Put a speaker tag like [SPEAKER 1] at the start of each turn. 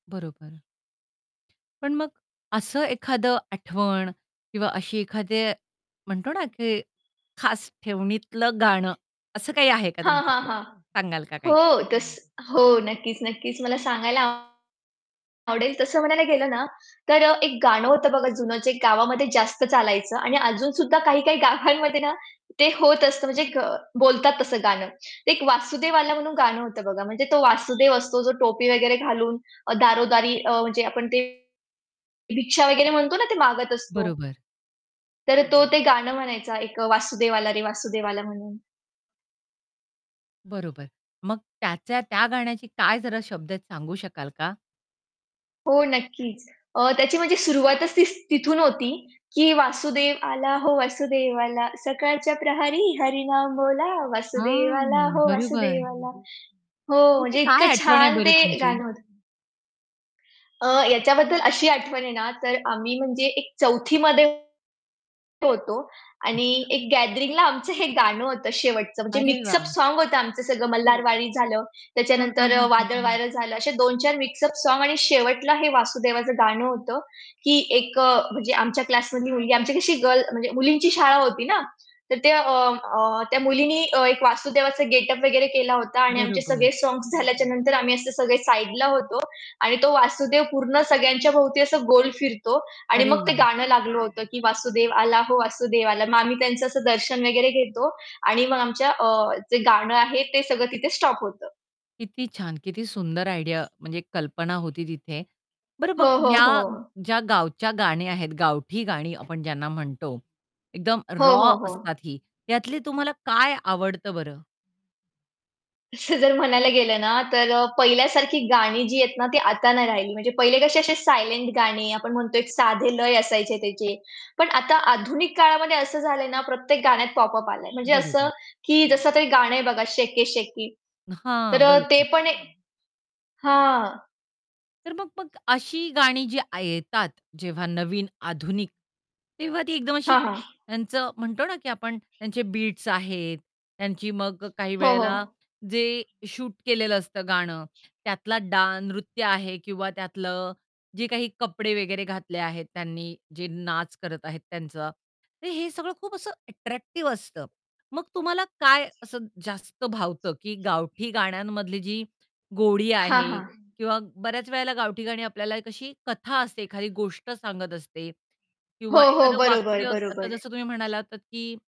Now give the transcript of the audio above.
[SPEAKER 1] बरोबर. पण मग असं एखादं आठवण किंवा अशी एखादे म्हणतो ना की खास ठेवणीतलं गाणं, असं काही आहे का
[SPEAKER 2] हां, हां,
[SPEAKER 1] तुमच्याकडे
[SPEAKER 2] हां.
[SPEAKER 1] सांगाल का काही?
[SPEAKER 2] हो, कस हो. नक्कीच, नक्कीच मला सांगायला आवडेल तसं म्हणायला गेलं ना, तर अ, एक गाणं होतं बघा जुनं जे गावामध्ये जास्त चालायचं आणि अजून सुद्धा काही-काही गावांमध्ये ना, ते होत असतं म्हणजे ग बोलतात तसं गाणं. ते एक वासुदेव आला म्हणून गाणं होतं बघा. म्हणजे तो वासुदेव असतो जो टोपी वगैरे घालून अ, दारोदारी अ, म्हणजे आपण ते भिक्षा वगैरे म्हणतो ना ते मागत असतो.
[SPEAKER 1] बरोबर.
[SPEAKER 2] तर तो ते गाणं म्हणायचा एक अ, वासुदेव आला रे वासुदेव आला म्हणून.
[SPEAKER 1] बरोबर. मग त्याच्या त्या गाण्याची काय जरा शब्द आहेत सांगू शकाल का?
[SPEAKER 2] हो, नक्कीच. अ, त्याची म्हणजे सुरुवातच तिस तिथून होती की वासुदेव आला हो वासुदेव आला, सकाळच्या प्रहरी हरिनाम बोला वासुदेव आला
[SPEAKER 1] हां,
[SPEAKER 2] हो
[SPEAKER 1] बरोबर
[SPEAKER 2] वासुदेव आला. हो,
[SPEAKER 1] इथे
[SPEAKER 2] म्हणजे
[SPEAKER 1] काय
[SPEAKER 2] इतकं
[SPEAKER 1] आठवण आहे
[SPEAKER 2] छान
[SPEAKER 1] बरं
[SPEAKER 2] ते
[SPEAKER 1] तुमची?
[SPEAKER 2] गाणं होतं. अ, याच्याबद्दल अशी आठवण आहे ना, तर आम्ही म्हणजे एक 4थी मध्ये होतो आणि
[SPEAKER 1] अच्छा.
[SPEAKER 2] एक गॅदरिंगला आमचं हे गाणं होतं शेवटचं म्हणजे
[SPEAKER 1] अरे
[SPEAKER 2] मिक्स अप
[SPEAKER 1] वाह!
[SPEAKER 2] सॉँग होतं आमचं सगळं मल्हारवाडी झालं,
[SPEAKER 1] हां, हां,
[SPEAKER 2] त्याच्यानंतर
[SPEAKER 1] हां,
[SPEAKER 2] अ,
[SPEAKER 1] हां, हां.
[SPEAKER 2] वादळवारं झालं. असे 2-4 मिक्स अप सॉँग आणि शेवटला हे वासुदेवाचं गाणं होतं. की एक अ, म्हणजे आमच्या क्लासमधली मुलगी आमची कशी गर्ल म्हणजे मुलींची शाळा होती ना, तर त्या अ, अ, त्या मुलीनी अ, एक वासुदेवाचा गेटअप वगैरे केला होता आणि आमचे सगळे
[SPEAKER 1] बरोबर.
[SPEAKER 2] सॉन्ग्स झाल्याच्या नंतर आम्ही असे सगळे साइडला होतो आणि तो वासुदेव पूर्ण सगळ्यांच्या भोवती असा गोल फिरतो. आणि
[SPEAKER 1] अरे
[SPEAKER 2] मग ते
[SPEAKER 1] वाह!
[SPEAKER 2] गाणं लागलं होतं की वासुदेव आला हो वासुदेव आला. मग आम्ही त्यांचं असं दर्शन वगैरे घेतो आणि मग आमच्या अ, जे गाणं आहे, ते सगळं तिथे स्टॉप होतं.
[SPEAKER 1] किती छान! किती सुंदर आयडिया म्हणजे कल्पना होती तिथे बरं
[SPEAKER 2] हो,
[SPEAKER 1] बघ
[SPEAKER 2] हो, हो.
[SPEAKER 1] ह्या ज्या गावच्या गाण्या आहेत, गावठी गाणी आपण ज्यांना म्हणतो, एकदम
[SPEAKER 2] हो,
[SPEAKER 1] रॉ
[SPEAKER 2] हो, हो.
[SPEAKER 1] असतात ही. त्यातली तुम्हाला काय आवडतं बरं?
[SPEAKER 2] असं जर म्हणायला गेलं ना, तर अ, पहिल्यासारखी गाणी जी आहेत ना ती आता नाही राहिली म्हणजे पहिले कसे असे सायलेंट गाणी आपण म्हणतो एक साधे लय असायचे त्याचे, पण आता आधुनिक काळामध्ये असं झालंय ना प्रत्येक गाण्यात पॉप अप आलंय. म्हणजे असं,
[SPEAKER 1] बरोबर.
[SPEAKER 2] की जसं तरी गाणं आहे बघा शेकी शेकी. तर
[SPEAKER 1] हां,
[SPEAKER 2] अ, ते
[SPEAKER 1] बरोबर.
[SPEAKER 2] पण एक हां.
[SPEAKER 1] तर मग मग अशी गाणी जी आ येतात जेव्हा नवीन आधुनिक, तेव्हा ती एकदम अशी
[SPEAKER 2] हां, हां.
[SPEAKER 1] त्यांचं म्हणतो ना की आपण त्यांचे बीट्स आहेत, त्यांची मग अ, काही
[SPEAKER 2] हो, हो.
[SPEAKER 1] वेळेला जे शूट केलेलं असतं गाणं त्यातला डान् नृत्य आहे किंवा त्यातल जे काही कपडे वगैरे घातले आहेत त्यांनी, जे नाच करत आहेत त्यांचं. तर हे सगळं खूप असं अट्रॅक्टिव्ह असतं. मग तुम्हाला काय असं जास्त भावतं? की गावठी गाण्यांमधली जी गोडी
[SPEAKER 2] हां,
[SPEAKER 1] आहे
[SPEAKER 2] हां.
[SPEAKER 1] किंवा बऱ्याच वेळेला गावठी गाणी आपल्याला एक अशी कथा असते एखादी गोष्ट सांगत असते
[SPEAKER 2] हो,
[SPEAKER 1] किंवा
[SPEAKER 2] हो.
[SPEAKER 1] एखादं
[SPEAKER 2] बरोबर,
[SPEAKER 1] वाक्य आता
[SPEAKER 2] बरोबर.
[SPEAKER 1] जसं तुम्ही म्हणाला होतात की